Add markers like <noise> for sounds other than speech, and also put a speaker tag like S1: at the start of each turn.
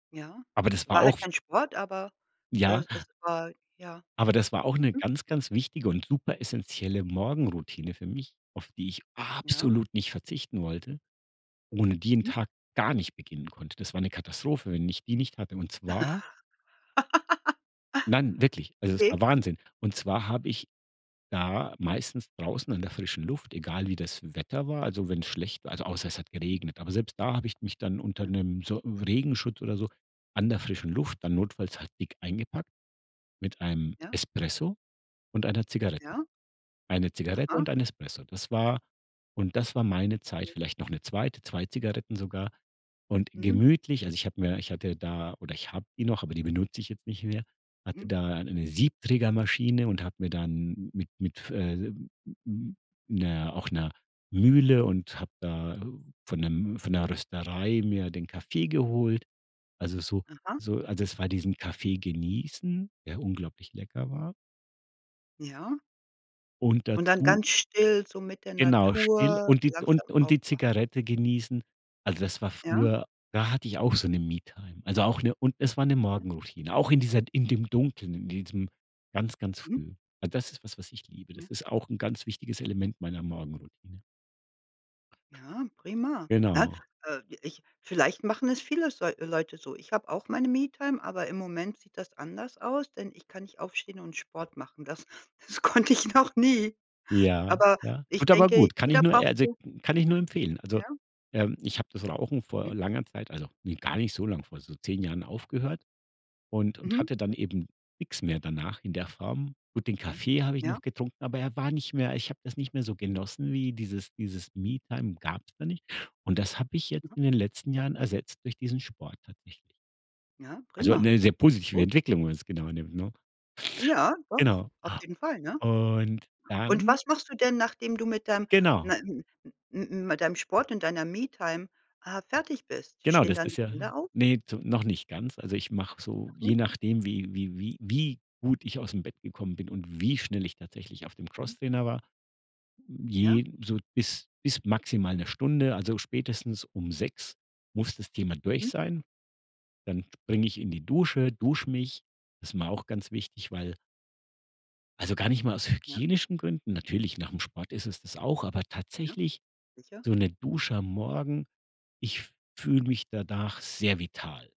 S1: Ja.
S2: Aber das war
S1: War halt
S2: auf
S1: kein Sport, aber,
S2: Ja.
S1: äh, es war ja.
S2: Aber das war auch 'ne ganz, ganz wichtige und super essenzielle Morgenroutine für mich, auf die ich
S1: Ja.
S2: absolut nicht verzichten wollte, ohne die 'n
S1: Mhm.
S2: Tag gar nicht beginnen konnte. Das war eine Katastrophe, wenn ich die nicht hatte und zwar
S1: <chuckles>
S2: Nein, wirklich, also es
S1: Okay.
S2: war Wahnsinn. Und zwar habe ich da meistens draußen an der frischen Luft, egal wie das Wetter war also wenn's schlecht war also außer es hat
S1: Hm.
S2: geregnet, aber selbst da habe ich mich dann unter
S1: Ja.
S2: 'nem Son Regenschutz oder so an der frischen Luft dann notfalls halt dick eingepackt mit einem
S1: Ja.
S2: Espresso und einer Zigarette.
S1: Ja.
S2: 1 Zigarette
S1: Aha.
S2: und 1 Espresso, das war und das war meine Zeit
S1: Ja.
S2: vielleicht noch 'ne 2., 2 Zigaretten sogar und
S1: Mhm.
S2: gemütlich also ich habe mir ich hatte da oder ich habe die noch, aber die benutze ich jetzt nicht mehr hatte
S1: Mhm.
S2: da 'ne Siebträgermaschine und habe mir dann mit mit f äh, hm, hm, 'ner auch 'ner Mühle und habe da von 'nem von 'ner Rösterei mir den Kaffee geholt. Also, so
S1: Aha.
S2: so also es war diesen Kaffee genießen, der unglaublich lecker war.
S1: Ja.
S2: Und
S1: Und dann
S2: dazu
S1: ganz still so mit der
S2: Genau still
S1: Natur
S2: und die d
S1: langsam
S2: und und die
S1: aufwachen.
S2: Zigarette genießen. Also, das war
S1: Ja.
S2: früher da hatte ich auch so 'ne Me-Time, also auch 'ne und es war 'ne
S1: Ja.
S2: Morgenroutine, auch in dieser in dem Dunkeln, in diesem ganz, ganz
S1: Mhm.
S2: früh. Das ist was, was ich liebe.
S1: Ja.
S2: Das ist auch 'n ganz wichtiges Element meiner Morgenroutine.
S1: Ja, prima, ne?
S2: Genau.
S1: Äh, ich vielleicht machen es viele s Leute so. Ich habe auch meine Me-Time, aber im Moment sieht das anders aus, denn ich kann nicht aufstehen und Sport machen. Das das konnte ich noch nie.
S2: Ja,
S1: Aber
S2: ja.
S1: ich
S2: Gut, aber
S1: denke,
S2: gut. Kann ich
S1: jeder
S2: nur
S1: braucht
S2: also
S1: so
S2: kann ich nur empfehlen. Also,
S1: Ja.
S2: ähm, ich habe das Rauchen
S1: Hm.
S2: vor langer Zeit also, ne, gar nicht so lang, vor so 10 Jahren aufgehört und und
S1: Mhm.
S2: hatte dann eben nix mehr danach in der Form. Gut, den
S1: Mhm.
S2: Kaffee habe ich
S1: Ja.
S2: noch getrunken, aber er war nicht mehr ich habe das nicht mehr so genossen wie dieses dieses Me-Time gab's da nicht und das habe ich jetzt
S1: Aha.
S2: in den letzten Jahren ersetzt durch diesen Sport tatsächlich.
S1: Ja,
S2: Also
S1: prima.
S2: 'ne sehr positive
S1: Gut.
S2: Entwicklung, wenn man's genauer nimmt, ne?
S1: Ja, doch,
S2: Genau,
S1: auf jeden Fall, ne?
S2: und
S1: Und
S2: dann
S1: was machst du denn, nachdem du mit dem
S2: Genau.
S1: ne m m m m mit deinem Sport und deiner Me-Time, äh, fertig bist?
S2: Genau,
S1: Stehen
S2: das
S1: dann die
S2: ist ja
S1: Kinder auf?
S2: ne, zu noch nicht ganz. Also, ich mache so,
S1: Noch
S2: je
S1: nicht?
S2: nachdem, wie wie wie wie gut ich aus'm Bett gekommen bin und wie schnell ich tatsächlich auf dem
S1: Mhm.
S2: Crosstrainer war,
S1: Ja.
S2: je so bis bis maximal 1 Stunde, also, spätestens um 6:00 muss das Thema durch
S1: Mhm.
S2: sein. Dann springe ich in die Dusche, dusche mich. Das ist mir auch ganz wichtig, weil Also gar nicht mal aus
S1: Ja.
S2: hygienischen Gründen natürlich nach'm Sport ist es das auch, aber
S1: Ja.
S2: tatsächlich
S1: Sicher.
S2: so 'ne Dusche am Morgen, ich fühle mich danach sehr vital.